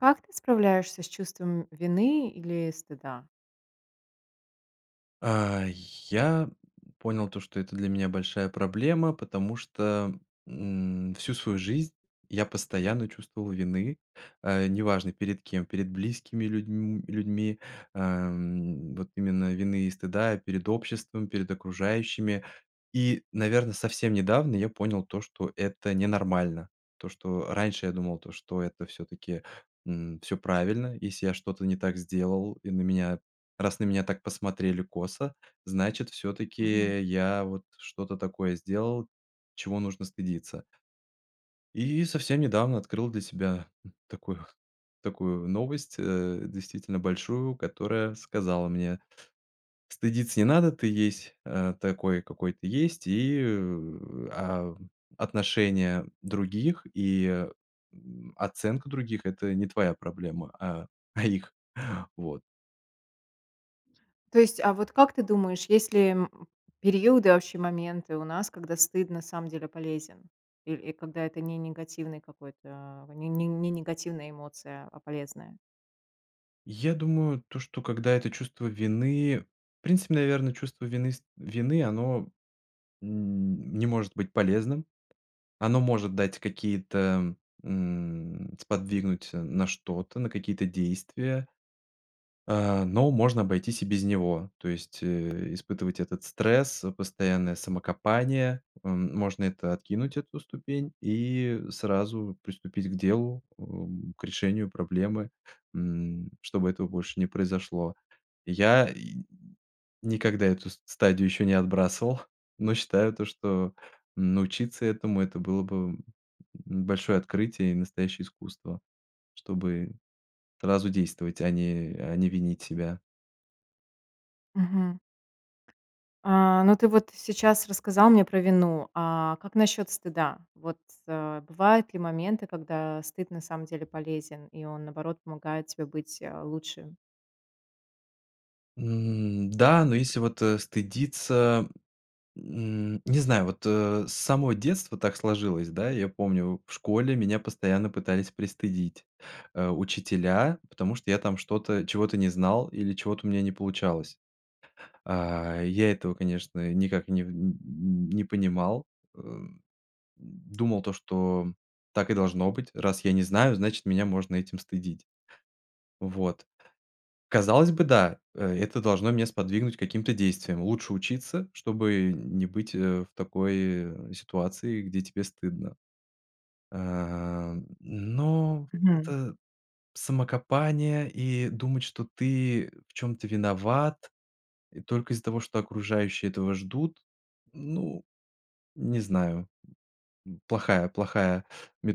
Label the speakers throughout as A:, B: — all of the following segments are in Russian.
A: Как ты справляешься с чувством вины или стыда?
B: А, й я понял то, что это для меня большая проблема, потому что, м, всю свою жизнь я постоянно чувствовал вины, э, неважно перед кем: перед близкими людьм людьми, эм, вот именно вины и стыда, перед обществом, перед окружающими. И, наверно, совсем недавно я понял то, что это ненормально. То, что раньше я думал то, что это всё-таки, м, всё правильно, если я что-то не так сделал и на меня, раз на меня так посмотрели косо, значит
A: Мгм.
B: всё-таки я вот что-то такое сделал, чего нужно стыдиться. И совсем недавно открыл для себя, м, такую такую новость, э, действительно большую, которая сказала мне: стыдиться не надо, ты есть, э, такой, какой ты есть. И в, а, отношения других и, м, оценка других- это не твоя проблема, а а их. Вот.
A: То есть, а вот как ты думаешь, есть ли, периоды, вообще моменты у нас, когда стыд на самом деле полезен? Иль, и когда это не негативный какой-то, ни ни ни негативная эмоция, а полезная?
B: Я думаю, то, что когда это чувство вины, в принципе, наверно, чувство вины ст вины оно н не может быть полезным, оно может дать какие-то м, сподвигнуть, э, на что-то, на какие-то действия, э, но можно обойтись и без него, то есть, э, испытывать этот стресс, постоянное самокопание. М, можно это откинуть, эту ступень, и сразу приступить к делу, эм, к решению проблемы, м, чтобы этого больше не произошло. Я и н никогда эту ст стадию еще не отбрасывал, но считаю то, что научиться этому это было бы, м, большое открытие и настоящее искусство, чтобы сразу действовать, а не а не винить себя.
A: Мгм. А, но ты вот сейчас рассказал мне про вину. А как насчёт стыда? Вот, э, бывают ли моменты, когда стыд на самом деле полезен и он, наоборот, помогает тебе быть, а, лучше?
B: М, да, но если вот, э, стыдиться, м, не знаю, вот, э, с самого детства так сложилось. Да, я помню в школе меня постоянно пытались пристыдить, э, учителя, потому что я там что-то чего-то не знал или чего-то у меня не получалось. А, я этого, конечно, никак не н не понимал, э, м, думал, то что так и должно быть. Раз я не знаю, значит, меня можно этим стыдить. Вот. Казалось бы, да, э это должно меня сподвигнуть к каким-то действиям. Лучше учиться, чтобы не быть, э, в такой ситуации, где тебе стыдно. А, но
A: Мгм.
B: это самокопание и думать что ты в чём-то виноват, э, только из-за того что окружающие этого ждут, ну, не знаю. М. Плохая плохая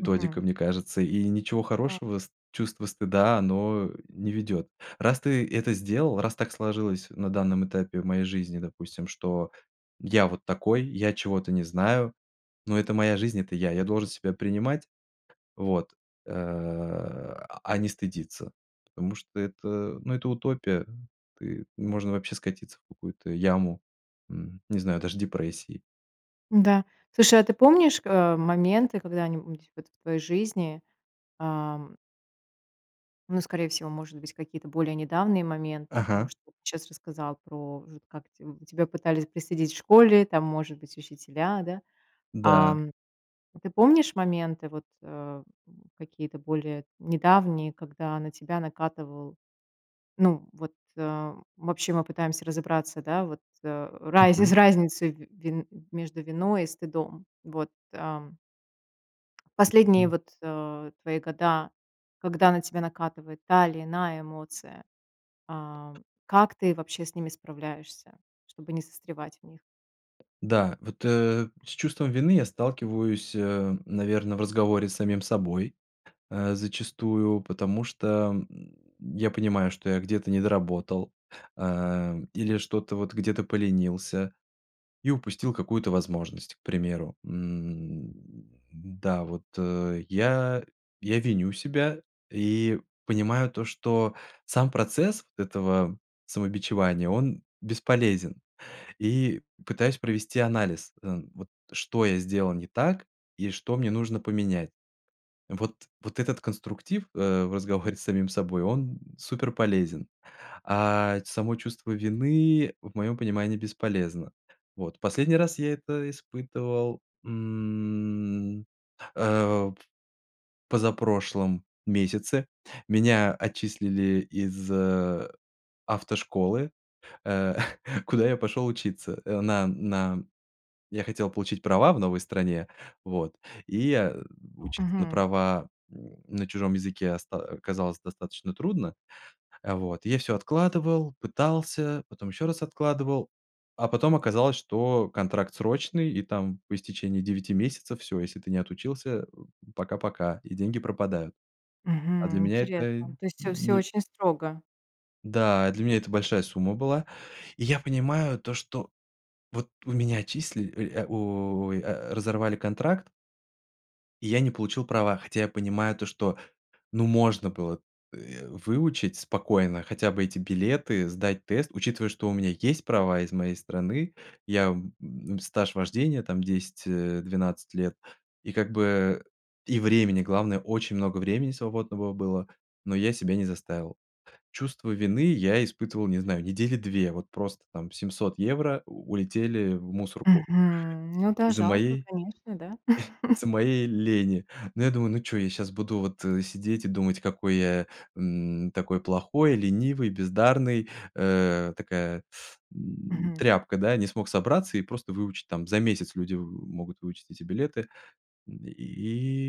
A: Мгм.
B: мне кажется, и ничего
A: Так.
B: хорошего ст чувство стыда оно не ведёт. Раз ты это сделал, раз так сложилось на данном этапе в моей жизни, допустим, что я вот такой, я чего-то не знаю, но это моя жизнь, это я, я должен себя принимать, вот. А, а не стыдиться, потому что это, ну, это утопия. Ты можно вообще скатиться в какую-то яму, м, не знаю, даже депрессии.
A: Н-да, слушай, а ты помнишь, э, моменты, когда-нибудь вот в твоей жизни, ам ну, скорее всего, может быть, какие-то более недавние моменты, а потому
B: Ага.
A: что вот ты щас рассказал про в как те, м, тебя пытались пристыдить в школе, там, может быть, учителя, да?
B: Да.
A: Ам. Ты помнишь моменты, вот, э, м, какие-то более недавние, когда на тебя накатывал, ну, вот, э, вообще мы пытаемся разобраться, да, вот, э, раз из
B: Мгм.
A: разницей ви вин между виной и стыдом. Вот, ам. Последние
B: Мгм.
A: вот, э, твои года, когда на тебя накатывает та или иная эмоция, ам, как ты вообще с ними справляешься, чтобы не застревать в них?
B: Да, вот, э, с чувством вины я сталкиваюсь, э, наверно, в разговоре с самим собой, э, зачастую, потому что, м, я понимаю, что я где-то недоработал. Эм, или что-то вот, где-то поленился и упустил какую-то возможность, к примеру. М. Да, вот я. Я виню себя и понимаю то, что сам процесс этого самобичевания- он бесполезен. И пытаюсь провести анализ, э, вот что я сделал не так и что мне нужно поменять. Вот, вот этот конструктив, э, в разговоре с самим собой, он суперполезен, а ть само чувство вины, в моем понимании, бесполезно. Вот последний раз я это испытывал, м, э, в позапрошлом месяце. Меня отчислили из автошколы, э, куда я пошел учиться, э, на на Я хотел получить права в новой стране, вот и, а, учиться на
A: Мгм.
B: права на чужом языке оста оказалось достаточно трудно. Э. Вот я всё откладывал, пытался, потом еще раз откладывал, а потом оказалось, что контракт срочный и там по истечении 9 месяцев всё, если ты не отучился, э, пока-пока и деньги пропадают. А для
A: Мгм,
B: меня это
A: интересно, то есть всё всё
B: не
A: очень строго.
B: Да. А для меня это большая сумма была. И я понимаю то, что вот у меня отчисли, э, у, о, ай, разорвали контракт и я не получил права, хотя я понимаю то, что, ну, можно было, э, выучить спокойно хотя бы эти билеты, сдать тест, учитывая, что у меня есть права из моей страны, я, м, стаж вождения там 10, э, 12 лет. И как бы и времени, главное, очень много времени свободного было, но я себя не заставил. Чувство вины я испытывал, не знаю, недели 2, вот просто там 700 евро у улетели в мусорку.
A: Мгм. Ну да,
B: Из-за
A: жалко,
B: моей
A: конечно. Да?
B: из-за моей лени. Ну я думаю: "Ну чё, я щас буду вот, э, сидеть и думать какой я, м, такой плохой, ленивый, бездарный, э, такая, м,
A: Мгм.
B: тряпка, да, не смог собраться и просто выучить, там за месяц люди в могут выучить эти билеты." М, и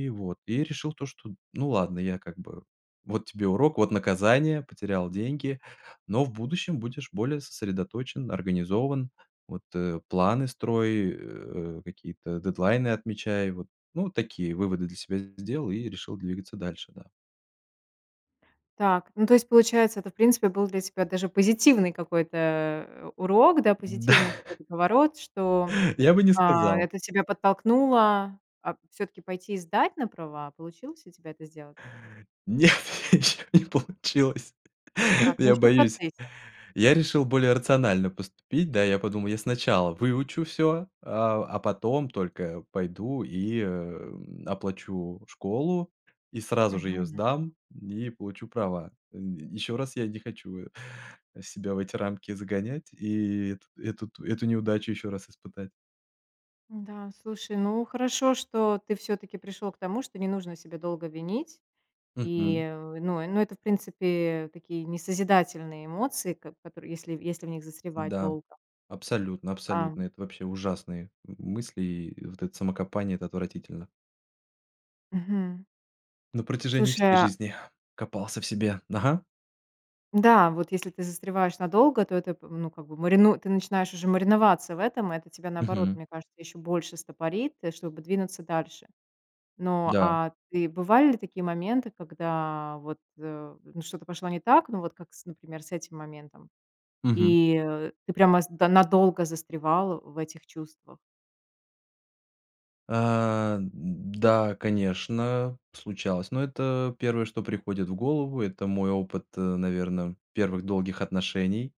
B: и вот и решил то, что: "Ну ладно, я как бы, вот тебе урок, вот наказание, потерял деньги, но в будущем будешь более сосредоточен, организован. Вот, э. Планы строй, э, какие-то дедлайны отмечай." Вот, ну, вот такие выводы для себя сделал и решил двигаться дальше, да.
A: Так, ну, то есть, получается, это, в принципе, был для тебя даже позитивный какой-то, э, урок, да,
B: Да.
A: позитивный какой-то поворот, что,
B: Я бы не
A: а,
B: сказал.
A: это тебя подтолкнуло, а, всё-таки пойти и сдать на права. Получилось у тебя это сделать?
B: Нет, ничего не получилось,
A: Так, ну
B: я
A: еще в
B: боюсь.
A: процессе.
B: Я решил более рационально поступить. Да, я подумал, я сначала выучу всё, а, а потом только пойду и, эм, оплачу школу, и сразу же ее
A: Мгм.
B: сдам, и получу права. Еще раз я не хочу, э, себя в эти рамки загонять и эту эту т эту неудачу еще раз испытать.
A: М-да, слушай, ну хорошо, что ты всё-таки пришел к тому, что не нужно себя долго винить,
B: Мгм.
A: и в, ну, и ну это, в принципе, такие несозидательные эмоции, как в которые если если в них застревать
B: Да,
A: долго.
B: абсолютно,
A: Ам
B: абсолютно. Это вообще ужасные м мысли, и вот это самокопание- это отвратительно.
A: Мгм.
B: На протяжении
A: Слушай,
B: всей
A: а
B: жизни копался в себе. Ага.
A: Да. Вот если ты застреваешь надолго, то это, м, ну как бы марину ты начинаешь уже мариноваться в этом, и это тебя, наоборот,
B: Мгм.
A: мне кажется, еще больше стопорит, э, чтобы двинуться дальше. Но,
B: Да.
A: а, ты бывали ли такие моменты, когда вот, э, ну что-то пошло не так, ну, вот как с, например, с этим моментом.
B: Мгм.
A: И, э, ты прямо с, да, надолго застревал в этих чувствах?
B: Э, д да, конечно, случалось, но это первое, что приходит в голову. Это мой опыт, наверно, первых долгих отношений.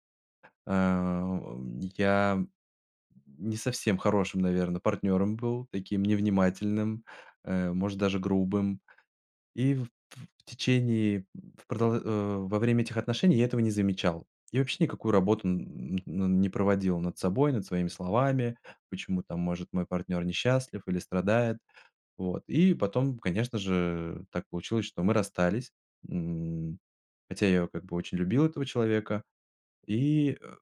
B: Э, у, э, я не совсем хорошим, наверно, партнером был, таким невнимательным, э, может даже грубым, и в т в течение, в продо э, во время этих отношений я этого не замечал. И, вообще, никакую работу н ну, не проводил над собой, над своими словами. Почему там, может, мой партнер не счастлив или страдает? Вот и потом, конечно же, так получилось, что мы расстались, м. Хотя я её как бы очень любил этого человека. И, э,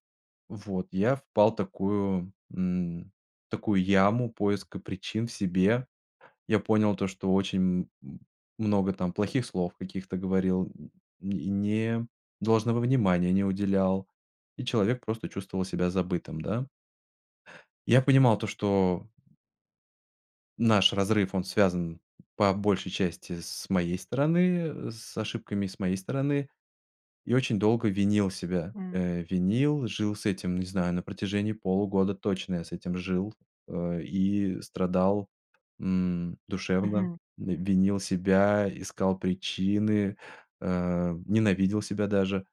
B: вот я впал такую, м, такую яму поиска причин в себе. Я понял то, что очень м много там плохих слов каких-то говорил, м, и не должного внимания не уделял, и человек просто чувствовал себя забытым, да. Я понимал то, что Наш разрыв, он связан, по большей части, с моей стороны, э, с ошибками с моей стороны, и очень долго винил себя.
A: М.
B: Э, винил, жил с этим, не знаю, на протяжении полугода точно я с этим жил, э, и страдал, м, душевно,
A: Мгм.
B: в винил себя, искал причины, э, ненавидел себя даже,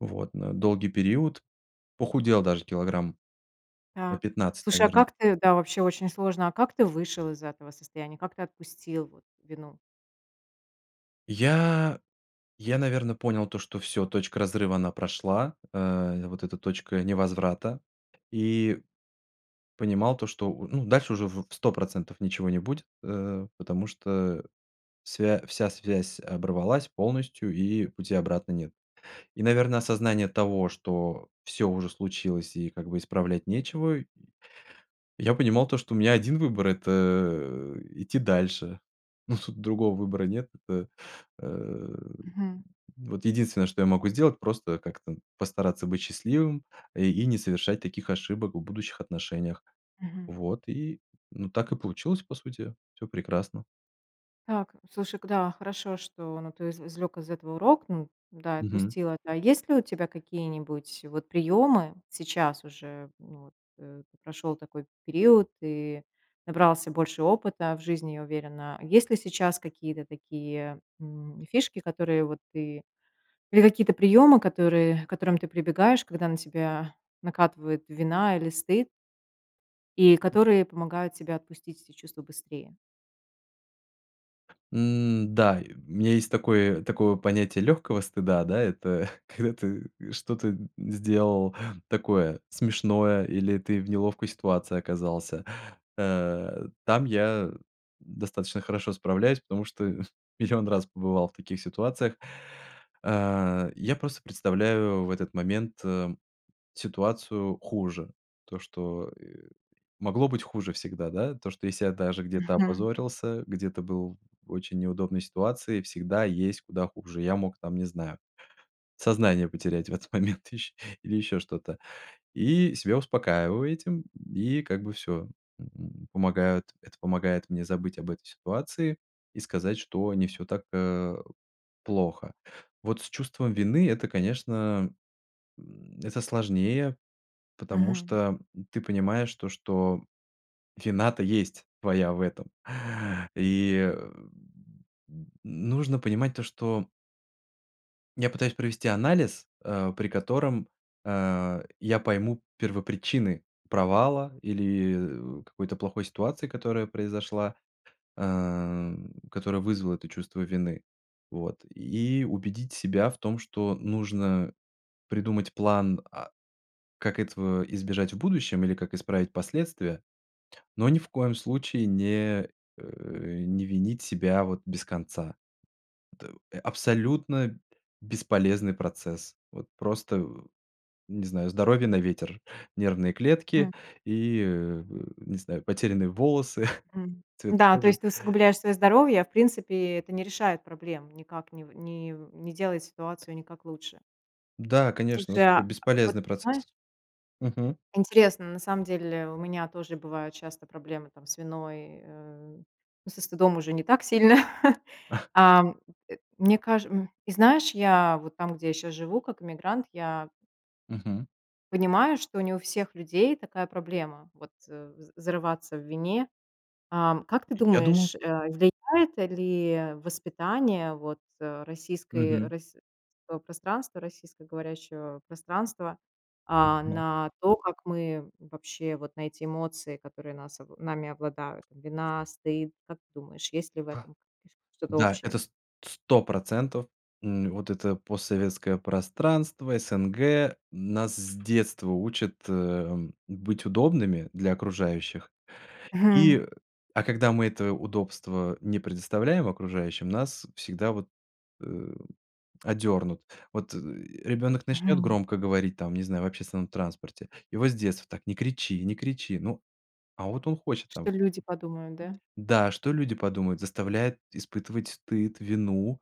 B: вот, на долгий период. Похудел даже килограмм на
A: Так,
B: 15,
A: слушай, а
B: наверно.
A: как ты да, вообще очень сложно, а как ты вышел из этого состояния? Как ты отпустил вот вину?
B: Я я, наверно, понял то, что всё, точка разрыва она прошла, э, вот эта точка невозврата, и понимал то, что у ну, дальше уже в 100 % ничего не будет, э, потому что, э, свя вся связь оборвалась полностью и пути обратно нет. И, наверно, осознание того, что всё уже случилось и как бы исправлять нечего. Я понимал, то что у меня 1 выбор- это, э, идти дальше, но тут другого выбора нет. Это, э,
A: Мгм.
B: вот единственное, что я могу сделать- просто как-то постараться быть счастливым, э, и не совершать таких ошибок в будущих отношениях.
A: Мгм.
B: Вот, и, ну так и получилось, по сути, всё прекрасно.
A: Так, слушай, к да, хорошо, что, но ты изв извлек из этого урок, ну да,
B: Мгм.
A: отпустил это. А есть ли у тебя какие-нибудь вот приемы? Сейчас уже, ну, вот, э, ты прошел такой период, и набрался больше опыта в жизни, я уверена. Есть ли сейчас какие-то такие, м, фишки, которые вот ты или какие-то приемы, которые к которым ты прибегаешь, когда на тебя накатывает вина или стыд и которые помогают тебе отпустить эти чувства быстрее?
B: Н-да, у меня есть такое такое вот понятие легкого стыда, да. Это когда ты, э, что-то сделал такое смешное, или ты в неловкой ситуации оказался. Э, там я достаточно хорошо справляюсь, потому что 1 000 000 раз побывал в таких ситуациях. А, я просто представляю в этот момент, э, ситуацию хуже. То что, э, могло быть хуже всегда, да. То, что если я даже где-то
A: Мгм.
B: опозорился, где-то был в очень неудобной ситуации, всегда есть куда хуже. Я мог там, не знаю, сознание потерять в этот момент ищ или еще что-то. И себя успокаиваю этим, и, как бы, всё. М, помогают это помогает мне забыть об этой ситуации, и сказать, что не всё так, э, плохо. Вот с чувством вины- это, конечно, м, это сложнее, потому
A: Мгм.
B: что, м, ты понимаешь то, что вина-то есть твоя в этом. И, м, м, нужно понимать то, что Я пытаюсь провести анализ, а, при котором, э, я пойму первопричины провала или, э, какой-то плохой ситуации, которая произошла, э, которая вызвала это чувство вины. Вот и убедить себя в том, что нужно придумать план, а, как этого избежать в будущем или как исправить последствия, но ни в коем случае не, э, не винить себя вот без конца. Это абсолютно бесполезный процесс. Вот просто, не знаю, здоровье на ветер, нервные
A: Хм.
B: клетки и, э, не знаю, потерянные волосы,
A: М,
B: цвет
A: да, то
B: кожи.
A: есть ты усугубляешь своё здоровье, в принципе, это не решает проблем никак, нив нив не делает ситуацию никак лучше.
B: Да, конечно,
A: Слушай,
B: вообще
A: а вот,
B: бесполезный
A: знаешь.
B: процесс. Мгм.
A: Интересно, на самом деле у меня тоже бывают часто проблемы там с виной, э, ну, со стыдом уже не так сильно. Ам, э, мне каж м, и, знаешь, я вот там, где я сейчас живу, как эмигрант, я
B: Мгм.
A: Понимаю, что не у всех людей такая проблема, вот, э, з зарываться в вине. Ам, как ты
B: Я думал
A: думаешь, э, влияет, э, ли воспитание вот, э, российской, э,
B: Мгм.
A: российского пространства, российско-говорящего пространства, а,
B: М-да.
A: на то, как мы вообще вот на эти эмоции, которые нас нами обладают? Там вина, стыд. Как ты думаешь, есть ли в этом [unintelligible] что-то
B: Да,
A: общее?
B: это с сто процентов. М, вот это постсоветское пространство, СНГ, нас с детства учат, эм, быть удобными для окружающих.
A: Мгм.
B: И, а когда мы это удобство не предоставляем окружающим, нас всегда вот, э, одернут. Вот, э, ребенок начнет
A: Мгм.
B: громко говорить, там, не знаю, в общественном транспорте, его с детства так: "Не кричи, не кричи". Ну, а вот он хочет там
A: Что люди подумают, да?
B: Да, что люди подумают, заставляет испытывать стыд, вину.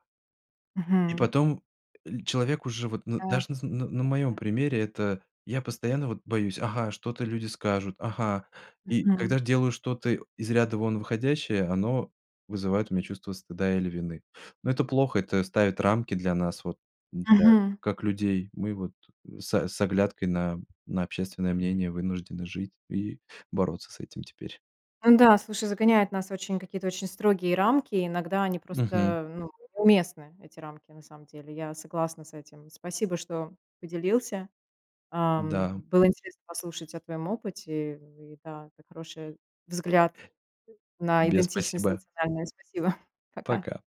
B: И
A: Мгм.
B: потом, э, человек уже, вот, ну,
A: Да.
B: даже на св на на моем
A: Да-да.
B: примере, это я постоянно, вот, боюсь: ага, что-то люди скажут, ага. И
A: Мгм.
B: когда ж делаю что-то, из ряда вон выходящее, оно вызывает у меня чувство стыда или вины. Ну это плохо, это ставит рамки для нас, вот, да,
A: Мгм.
B: как людей. Мы вот са с оглядкой на на общественное мнение вынуждены жить и бороться с этим теперь.
A: Н-да, слушай, загоняет нас в очень, какие-то очень строгие рамки. И иногда они
B: Мгм.
A: просто, ну, неуместны эти рамки, на самом деле. Я согласна с этим. Спасибо, что поделился. Ам,
B: Да.
A: было интересно послушать о твоем опыте. И, да, это хороший взгляд
B: И
A: на
B: тебе
A: идентичность
B: спасибо.
A: национальную. Спасибо, пока.
B: Пока.